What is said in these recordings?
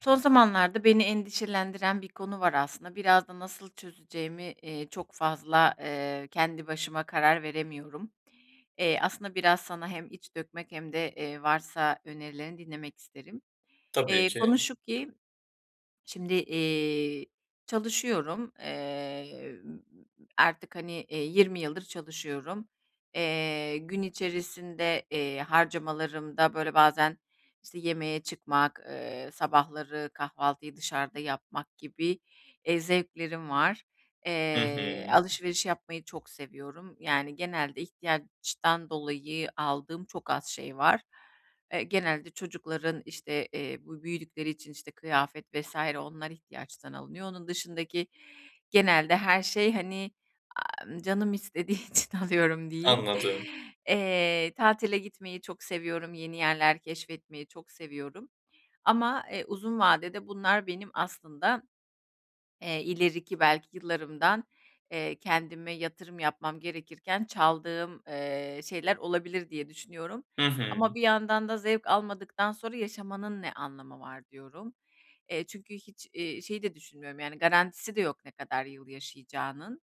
Son zamanlarda beni endişelendiren bir konu var aslında biraz da nasıl çözeceğimi, eee, çok fazla, eee, kendi başıma karar veremiyorum. Eee, aslında biraz sana hem iç dökmek hem de, eee, varsa önerilerini dinlemek isterim. Tabii Eee, konu ki. şu ki şimdi, eee, çalışıyorum, eee, m m m artık, hani 20 yıldır çalışıyorum. Eee, gün içerisinde, eee, harcamalarımda böyle bazen işte yemeğe çıkmak, eee, sabahları kahvaltıyı dışarıda yapmak gibi eee, zevklerim var. Hı hı. Eee, alışveriş yapmayı çok seviyorum. Yani, genelde ihtiyaçtan dolayı aldığım çok az şey var. Eee, genelde çocukların işte, eee, bu büyüdükleri için işte kıyafet vs. Onlar ihtiyaçtan alınıyor. Onun dışındaki genelde her şey, hani, aaa, canım istediği için alıyorum diyeyim. Anladım. Eee, tatile gitmeyi çok seviyorum. Yeni yerler keşfetmeyi çok seviyorum ama, eee, uzun vadede bunlar benim aslında, eee, ileriki belki yıllarımdan, eee, kendime yatırım yapmam gerekirken çaldığım, eee, şeyler olabilir diye düşünüyorum. Hı hı. Ama bir yandan da zevk almadıktan sonra yaşamanın ne anlamı var diyorum. Eee, çünkü hiç, eee, şeyi de düşünmüyorum, yani, garantisi de yok ne kadar yıl yaşayacağının.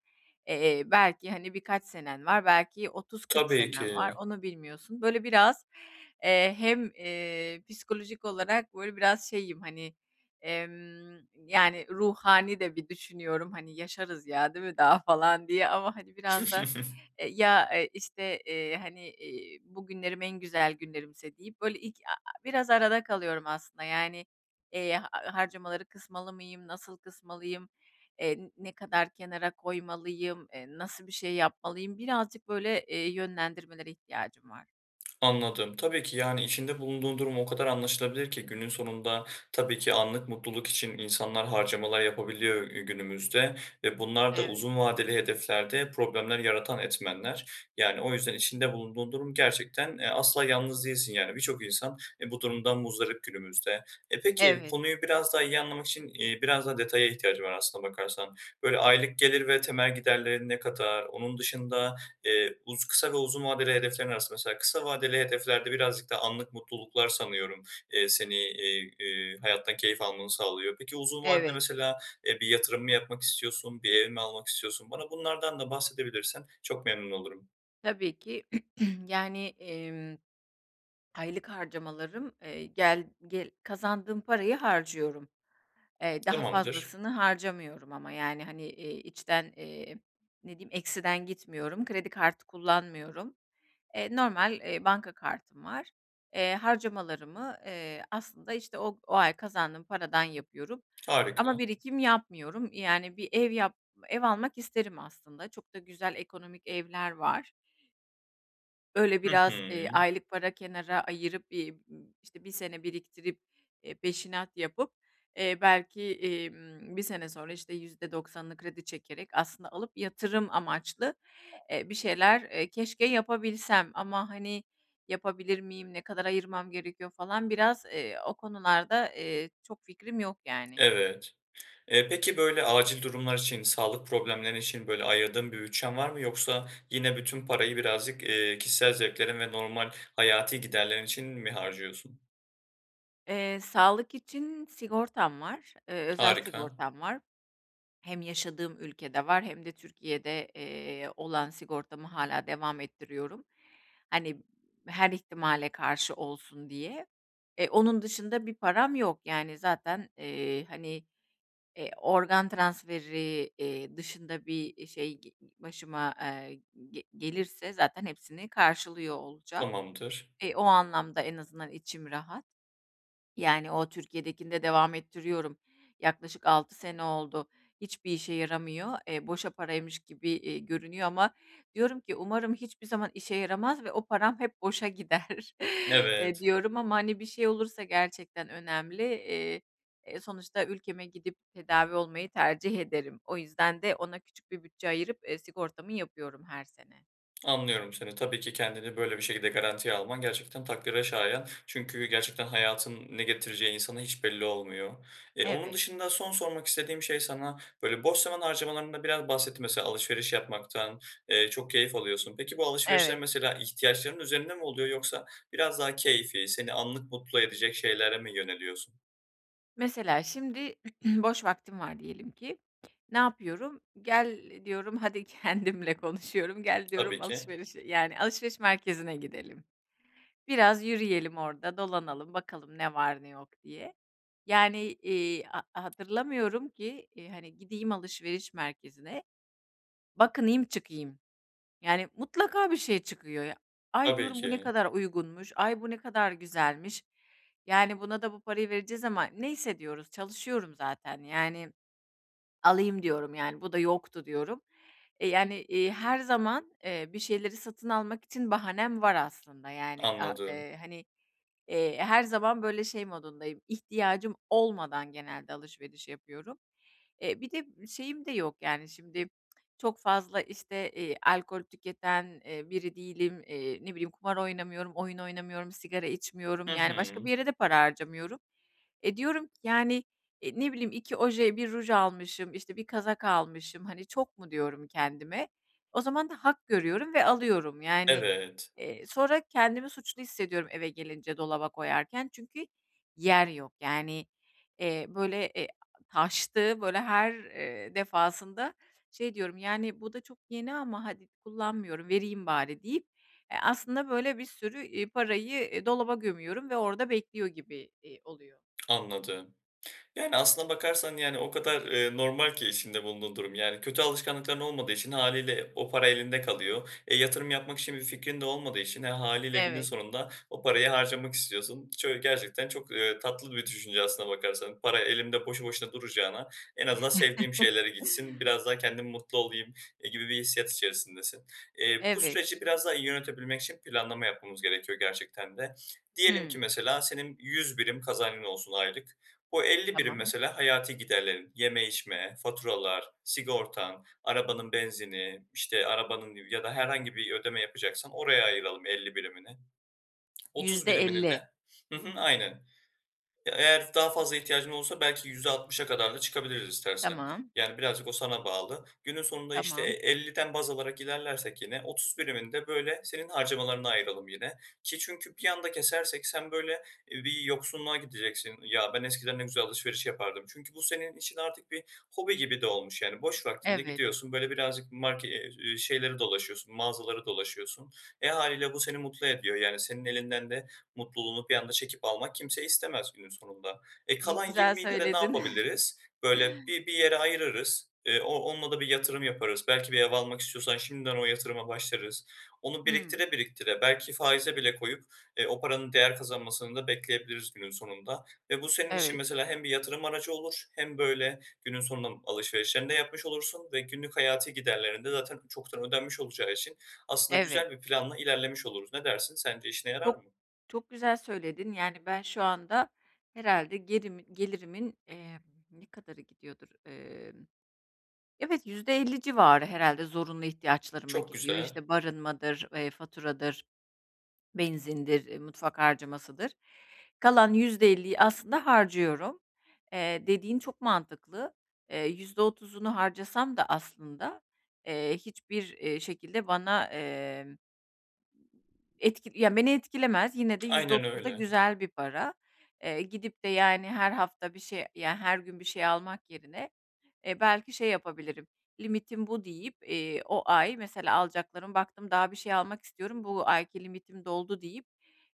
Eee, belki, hani, birkaç senen var, belki 30-40 Tabii senen var ki. onu bilmiyorsun. Böyle biraz, eee, hem, eee, psikolojik olarak böyle biraz şeyim, hani, emm, yani, ruhani de bir düşünüyorum, hani, yaşarız ya değil mi daha falan diye ama, hani, biraz da, eee, ya, eee, işte, eee, hani, eee, bugünlerim en güzel günlerimse deyip böyle ilk a a biraz arada kalıyorum aslında, yani. Eee, harcamaları kısmalı mıyım, nasıl kısmalıyım? Eee, ne kadar kenara koymalıyım? Eee, nasıl bir şey yapmalıyım? Birazcık böyle, eee, yönlendirmelere ihtiyacım var. Anladım. Tabii ki, yani, içinde bulunduğun durum o kadar anlaşılabilir ki günün sonunda tabii ki anlık mutluluk için insanlar harcamalar yapabiliyor, eee, günümüzde ve bunlar da Evet. uzun vadeli hedeflerde problemler yaratan etmenler. Yani, o yüzden içinde bulunduğun durum gerçekten, eee, asla yalnız değilsin. Yani, birçok insan, eee, bu durumdan muzdarip günümüzde. E, peki Evet. konuyu biraz daha iyi anlamak için, eee, biraz daha detaya ihtiyacım var aslına bakarsan. Böyle aylık gelir ve temel giderlerin ne kadar? Onun dışında, eee, uz kısa ve uzun vadeli hedeflerin arasında mesela kısa vadeli hedeflerde birazcık daha anlık mutluluklar sanıyorum, eee, seni, eee, eee, hayattan keyif almanı sağlıyor. Peki uzun vadede Evet. mesela, eee, bir yatırım mı yapmak istiyorsun? Bir ev mi almak istiyorsun? Bana bunlardan da bahsedebilirsen çok memnun olurum. Tabii ki. Yani, emm, aylık harcamalarım, eee, gel ge kazandığım parayı harcıyorum. Eee, daha Tamamdır. fazlasını harcamıyorum. Ama, yani, hani, eee, içten, eee, ne diyeyim eksiden gitmiyorum. Kredi kartı kullanmıyorum. Eee, normal, eee, banka kartım var. Eee, harcamalarımı, eee, aslında işte o o ay kazandığım paradan yapıyorum. Ama Harika! birikim yapmıyorum. Eee, yani, bir ev yap ev almak isterim aslında. Çok da güzel ekonomik evler var. Böyle Hı biraz, hı. eee, aylık para kenara ayırıp bir b işte 1 sene biriktirip, eee, peşinat yapıp, eee, belki, emm, 1 sene sonra işte %90'ını kredi çekerek aslında alıp yatırım amaçlı, eee bir şeyler, eee, keşke yapabilsem. Ama, hani, yapabilir miyim? Ne kadar ayırmam gerekiyor? Falan biraz, eee, o konularda, eee, çok fikrim yok ,yani. Evet. Eee, peki böyle acil durumlar için, sağlık problemleri için, böyle ayırdığın bir bütçen var mı? Yoksa yine bütün parayı birazcık, eee, kişisel zevklerin ve normal hayati giderlerin için mi harcıyorsun? Eee, sağlık için sigortam var, ııı, özel Harika. sigortam var. Hem yaşadığım ülkede var hem de Türkiye'de, eee, olan sigortamı hâlâ devam ettiriyorum. Hani, her ihtimale karşı olsun diye. E, onun dışında bir param yok, yani, zaten, eee, hani, eee, organ transferi, ııı, dışında bir, eee, şey, ııı, başıma, eee, ge gelirse zaten hepsini karşılıyor olacağım. Tamamdır. E, o anlamda en azından içim rahat. Yani o Türkiye'dekini de devam ettiriyorum. Yaklaşık 6 sene oldu. Hiçbir işe yaramıyor, eee, boşa paraymış gibi, eee, görünüyor ama diyorum ki umarım hiçbir zaman işe yaramaz ve o param hep boşa gider. Eee, Evet. diyorum ama, hani, bir şey olursa gerçekten önemli. Eee, e, sonuçta ülkeme gidip tedavi olmayı tercih ederim. O yüzden de ona küçük bir bütçe ayırıp, eee, sigortamı yapıyorum her sene. Anlıyorum seni. Tabii ki kendini böyle bir şekilde garantiye alman gerçekten takdire şayan çünkü gerçekten hayatın ne getireceği insana hiç belli olmuyor. Eee, onun Evet. dışında son sormak istediğim şey sana böyle boş zaman harcamalarında biraz bahsetti mesela alışveriş yapmaktan, eee, çok keyif alıyorsun. Peki bu alışverişler Evet. mesela ihtiyaçların üzerinde mi oluyor yoksa biraz daha keyfî seni anlık mutlu edecek şeylere mi yöneliyorsun? Mesela, şimdi boş vaktim var diyelim ki. Ne yapıyorum, "Gel, diyorum hadi" kendimle konuşuyorum, "Gel Tabii diyorum ki. alışverişe, yani, alışveriş merkezine gidelim. Biraz yürüyelim orada, dolanalım, bakalım ne var ne yok, diye." Yani, iii, ha hatırlamıyorum ki, iii, hani, gideyim alışveriş merkezine, bakınayım, çıkayım. Yani, mutlaka bir şey çıkıyor, ya. "Ay" Tabii diyorum, "Bu ne ki. kadar uygunmuş. Ay, bu ne kadar güzelmiş. Yani, buna da bu parayı vereceğiz ama neyse diyoruz, çalışıyorum zaten, yani, alayım" diyorum, yani, "Bu da yoktu" diyorum. Eee, yani, iii, her zaman, eee, bir şeyleri satın almak için bahanem var aslında, yani. A Anladım. eee, hani, eee, her zaman böyle şey modundayım, ihtiyacım olmadan genelde alışveriş yapıyorum. Eee, bir de şeyim de yok, yani, şimdi çok fazla, işte, eee, alkol tüketen, eee, biri değilim. Eee, ne bileyim, kumar oynamıyorum, oyun oynamıyorum, sigara içmiyorum, Hı yani, başka hı. bir yere de para harcamıyorum. E, diyorum ki, yani, eee, ne bileyim, "2 oje, 1 ruj almışım, işte, 1 kazak almışım, hani, çok mu?" diyorum, kendime. O zaman da hak görüyorum ve alıyorum. Yani, Evet. eee, sonra kendimi suçlu hissediyorum eve gelince dolaba koyarken çünkü yer yok. Yani, eee, böyle, eee, taştığı, böyle her, eee, defasında şey diyorum, "Yani, bu da çok yeni ama hadi kullanmıyorum, vereyim bari" deyip, eee, aslında, böyle, bir sürü, iii, parayı, iii, dolaba gömüyorum ve orada bekliyor gibi, iii, oluyor. Anladım. Yani, aslında bakarsan, yani, o kadar, eee, normal ki içinde bulunduğun durum. Yani, kötü alışkanlıkların olmadığı için hâliyle o para elinde kalıyor. E, yatırım yapmak için bir fikrin de olmadığı için e, hâliyle günün Evet. sonunda o parayı harcamak istiyorsun. Çö gerçekten çok, eee, tatlı bir düşünce aslında bakarsan. Para elimde boşu boşuna duracağına en azından sevdiğim şeylere gitsin biraz daha kendim mutlu olayım, eee, gibi bir hissiyat içerisindesin. Eee, bu Evet. süreci biraz daha iyi yönetebilmek için planlama yapmamız gerekiyor gerçekten de. Diyelim ki Hıı. mesela, senin 100 birim kazancın olsun aylık. Bu, 50 birim Tamam. mesela hayati giderlerin; yeme, içme, faturalar, sigortan, arabanın benzini, işte, arabanın ya da herhangi bir ödeme yapacaksan oraya ayıralım 50 birimini. 30 yüzde birimini de elli Hı hı, aynen. Ya, eğer daha fazla ihtiyacın olursa belki %60'a kadar da çıkabiliriz istersen. Tamam. Yani, birazcık o sana bağlı. Günün sonunda, işte, e Tamam. elliden baz alarak ilerlersek yine 30 birimini de böyle senin harcamalarına ayıralım yine. Ki çünkü bir anda kesersek sen böyle, iii, bir yoksunluğa gideceksin. "Ya, ben, eskiden ne güzel alışveriş yapardım." Çünkü bu, senin için artık bir hobi gibi de olmuş, yani, boş vaktinde Evet. gidiyorsun, böyle, birazcık marke eee, iii, şeyleri dolaşıyorsun, mağazaları dolaşıyorsun. E, hâliyle bu seni mutlu ediyor. Yani, senin elinden de mutluluğunu bir anda çekip almak kimse istemez günün sonunda. E, Ne kalan güzel 20'yle de ne söyledin. yapabiliriz? Böyle, bi bir yere ayırırız, ııı, o onunla da bir yatırım yaparız. Belki bir ev almak istiyorsan şimdiden o yatırıma başlarız. Onu Hıı. biriktire biriktire belki faize bile koyup, eee, o paranın değer kazanmasını da bekleyebiliriz günün sonunda. Ve bu, senin için Evet. mesela, hem bir yatırım aracı olur hem böyle günün sonunda alışverişlerini de yapmış olursun ve günlük hayati giderlerin de zaten çoktan ödenmiş olacağı için aslında Evet. güzel bir planla ilerlemiş oluruz. Ne dersin, sence işine yarar Çok mı? çok güzel söyledin. Yani, ben, şu anda herhâlde gerimi gelirimin, emm, ne kadarı gidiyordur? Emm. Evet, %50 civarı herhâlde zorunlu ihtiyaçlarıma Çok gidiyor. güzel. İşte, barınmadır, eee, faturadır, benzindir, ııı, mutfak harcamasıdır. Kalan %50 aslında harcıyorum. Eee, dediğin çok mantıklı. Eee, %30'unu harcasam da aslında, eee, hiçbir, eee, şekilde bana, emm etki, ya, beni etkilemez, yine de yüzde Aynen otuz da öyle. güzel bir para. Eee, gidip de, yani, her hafta bir şey, ya, her gün bir şey almak yerine, eee, belki şey yapabilirim, limitim bu deyip, iii, o ay mesela alacaklarım baktım daha bir şey almak istiyorum, bu ayki limitim doldu deyip,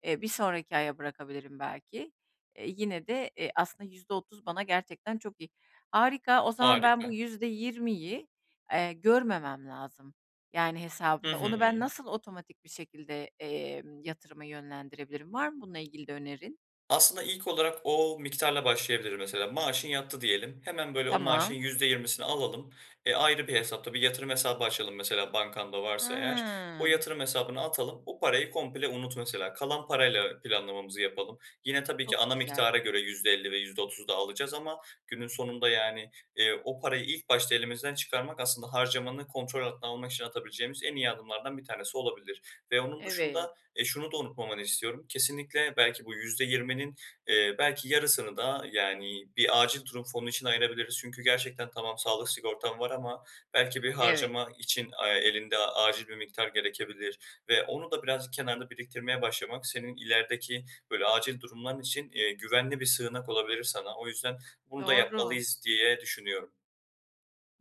eee, bir sonraki aya bırakabilirim belki. Eee, yine de, eee, aslında %30 bana gerçekten çok iyi. Harika, o zaman ben, bu Harika. %20'yi, eee, görmemem lazım, yani, Hı hesabımda. Onu ben, hı. nasıl otomatik bir şekilde, emm, yatırıma yönlendirebilirim? Var mı bununla ilgili de önerin? Aslında ilk olarak o miktarla başlayabiliriz. Mesela, maaşın yattı diyelim. Hemen, böyle, o maaşın Tamam. %20'sini alalım. Eee, ayrı bir hesapta, bir yatırım hesabı açalım mesela, bankanda varsa eğer. O Hıı. yatırım hesabına atalım, o parayı komple unut, mesela. Kalan parayla planlamamızı yapalım. Yine tabii ki Çok ana güzel. miktara göre %50 ve %30 daha alacağız ama günün sonunda, yani, eee, o parayı ilk başta elimizden çıkarmak, aslında harcamanı kontrol altına almak için atabileceğimiz en iyi adımlardan bir tanesi olabilir. Ve onun Evet. dışında, eee, şunu da unutmamanı istiyorum; kesinlikle belki bu %20'nin, eee, belki yarısını da, yani, bir acil durum fonu için ayırabiliriz. Çünkü gerçekten tamam sağlık sigortan var ama belki bir Evet. harcama için, aaa, elinde acil bir miktar gerekebilir ve onu da birazcık kenarda biriktirmeye başlamak, senin ilerideki böyle acil durumların için, eee, güvenli bir sığınak olabilir sana. O yüzden bunu da Doğru. yapmalıyız, diye düşünüyorum.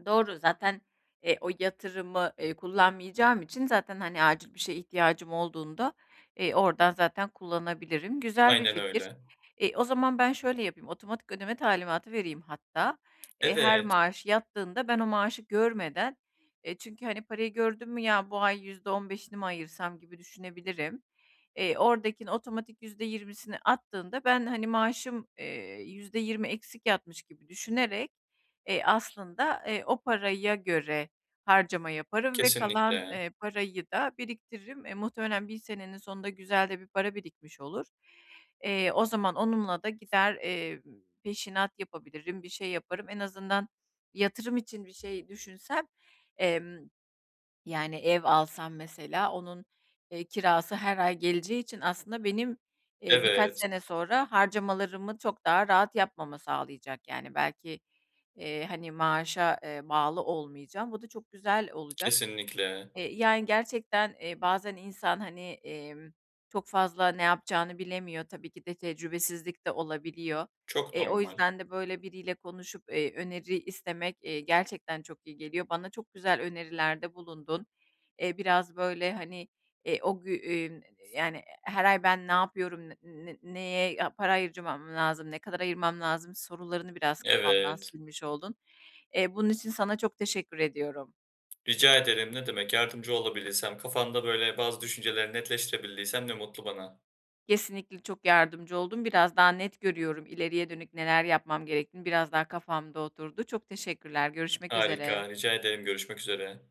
Doğru zaten, eee, o yatırımı, eee, kullanmayacağım için zaten, hani, acil bir şeye ihtiyacım olduğunda, eee, oradan zaten kullanabilirim. Güzel bir Aynen fikir. öyle. E, o zaman ben şöyle yapayım otomatik ödeme talimatı vereyim hatta. Eee, her Evet. maaş yattığında ben o maaşı görmeden, eee, çünkü, hani, parayı gördün mü ya bu ay yüzde 15'ini mi ayırsam gibi düşünebilirim, eee, oradakini otomatik %20'si attığında ben, hani, maaşım, eee, %20 eksik yatmış gibi düşünerek, eee, aslında, eee, o paraya göre harcama yaparım ve kalan, Kesinlikle. eee, parayı da biriktiririm. Eee, muhtemelen 1 senenin sonunda güzel de bir para birikmiş olur. Eee, o zaman onunla da gider, emm, peşinat yapabilirim, bir şey yaparım. En azından yatırım için bir şey düşünsem, emm, yani, ev alsam mesela onun, eee, kirası her ay geleceği için aslında benim, eee, birkaç Evet. sene sonra harcamalarımı çok daha rahat yapmama sağlayacak, yani, belki, eee, hani, maaşa, eee, bağlı olmayacağım, bu da çok güzel olacak. Kesinlikle. Eee yani gerçekten, eee, bazen insan hani, emm, çok fazla ne yapacağını bilemiyor tabii ki de tecrübesizlik de olabiliyor. Çok Eee, o normal. yüzden de böyle biriyle konuşup, eee, öneri istemek, eee, gerçekten çok iyi geliyor. Bana çok güzel önerilerde bulundun. Eee, biraz böyle, hani, eee, o gü eee, ün, yani, her ay ben ne yapıyorum, ne ne neye ya para harcamam lazım, ne kadar ayırmam lazım sorularını biraz kafamdan Evet. silmiş oldun. Eee, bunun için sana çok teşekkür ediyorum. Rica ederim ne demek. Yardımcı olabilirsem kafanda böyle bazı düşüncelerini netleştirebildiysem ne mutlu bana. Kesinlikle çok yardımcı oldun, biraz daha net görüyorum ileriye dönük neler yapmam gerektiğini biraz daha kafamda oturdu. Çok teşekkürler, görüşmek üzere. Harika, rica ederim görüşmek üzere.